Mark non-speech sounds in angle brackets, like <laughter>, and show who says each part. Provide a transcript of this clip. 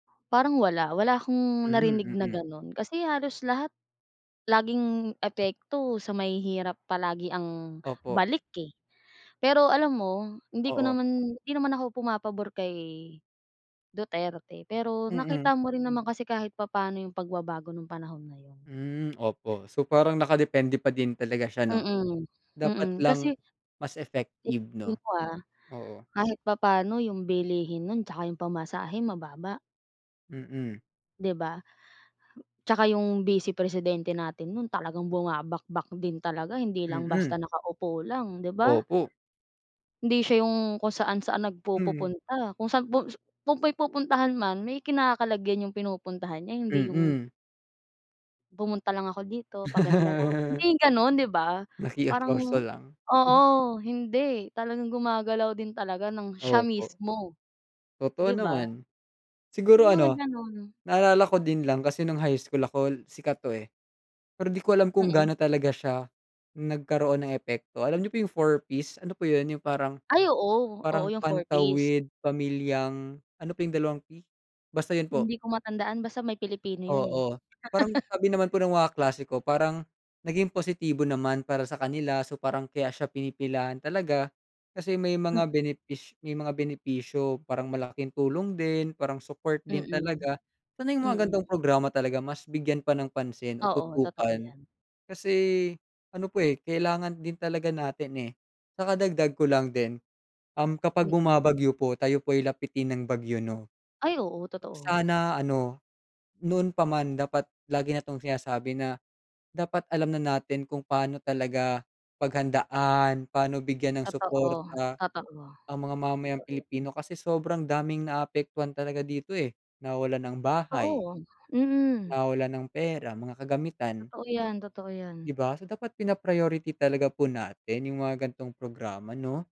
Speaker 1: Parang wala, wala akong narinig
Speaker 2: Mhm,
Speaker 1: na
Speaker 2: mm.
Speaker 1: ganun. Kasi halos lahat laging epekto sa mahihirap palagi ang
Speaker 2: Opo.
Speaker 1: balik eh. Pero alam mo, hindi ko
Speaker 2: Oo.
Speaker 1: naman hindi naman ako pumapabor kay Duterte. Pero nakita
Speaker 2: Mm.
Speaker 1: mo rin naman kasi kahit papaano yung pagbabago ng panahon na yun.
Speaker 2: Hmm, opo. So, parang nakadepende pa din talaga siya, 'no?
Speaker 1: Mm,
Speaker 2: Dapat
Speaker 1: mm.
Speaker 2: lang
Speaker 1: Kasi
Speaker 2: mas effective, 'no?
Speaker 1: tignan mo ah,
Speaker 2: Oo.
Speaker 1: kahit papano yung bilihin nun tsaka yung pamasahe, mababa.
Speaker 2: Mm.
Speaker 1: 'Di ba? Tsaka yung bise-presidente natin nun talagang bumabakbak din talaga. Hindi lang
Speaker 2: Mm.
Speaker 1: basta nakaupo lang, 'di ba?
Speaker 2: Opo.
Speaker 1: Hindi siya yung kung saan-saan
Speaker 2: Hmm.
Speaker 1: nagpupupunta, kung saan pu kung may pupuntahan man may kinakalagyan yung pinupuntahan niya hindi yung
Speaker 2: Mm.
Speaker 1: pumunta lang ako dito, paganda lang ako. Hindi
Speaker 2: <laughs>
Speaker 1: gano'n, 'di ba? Parang
Speaker 2: Nakiusyoso lang.
Speaker 1: oo,
Speaker 2: <chuckles>
Speaker 1: hindi, talagang gumagalaw din talaga nang siya
Speaker 2: Opo.
Speaker 1: mismo,
Speaker 2: Totoo
Speaker 1: 'di ba?
Speaker 2: naman.
Speaker 1: Yung
Speaker 2: Siguro
Speaker 1: mga
Speaker 2: ano,
Speaker 1: gano'n.
Speaker 2: naalala ko din lang, kasi nung high school ako sikat to eh. Pero di ko alam kung
Speaker 1: Mm.
Speaker 2: gaano talaga siya nagkaroon ng epekto. Alam niyo po yung 4Ps, ano po yun yung parang,
Speaker 1: Ay, oo. Oo,
Speaker 2: parang
Speaker 1: yung 4Ps.
Speaker 2: pantawid pamilyang ano pa yung dalawang P? Basta yun po.
Speaker 1: Hindi ko matandaan, basta may Pilipino yun eh.
Speaker 2: Oo, parang
Speaker 1: <laughs>
Speaker 2: sabi naman po ng mga kaklase ko parang naging positibo naman para sa kanila. So, parang kaya siya pinipilahan talaga kasi may
Speaker 1: Mm.
Speaker 2: mga benepis may mga benepisyo, parang malaking tulong din, parang support din
Speaker 1: Mm,
Speaker 2: talaga. Sana yung mga
Speaker 1: mm.
Speaker 2: ganitong programa talaga mas bigyan pa ng pansin o
Speaker 1: Oo, totoo
Speaker 2: tutukan
Speaker 1: yan.
Speaker 2: kasi ano po eh, kailangan din talaga natin eh. Saka dagdag ko lang din, um, kapag
Speaker 1: Mm.
Speaker 2: bumabagyo po, tayo po ay lapitin ng bagyo, 'no?
Speaker 1: Ay, oo.
Speaker 2: Kung
Speaker 1: Totoo.
Speaker 2: sana ano, noon pa man dapat lagi na 'tong sinasabi na dapat alam na natin kung paano talaga paghandaan, paano bigyan ng
Speaker 1: Totoo,
Speaker 2: suporta
Speaker 1: totoo.
Speaker 2: ang mga mamayang
Speaker 1: Totoo, hmm.
Speaker 2: Pilipino. Kasi sobrang daming naapektuhan talaga dito eh, nawawalan ng bahay
Speaker 1: Totoo, mm.
Speaker 2: nawawalan ng pera, mga kagamitan.
Speaker 1: Totoo yan, totoo yan.
Speaker 2: 'Di ba? So, dapat pina-priority talaga po natin yung mga ganitong programa, 'no?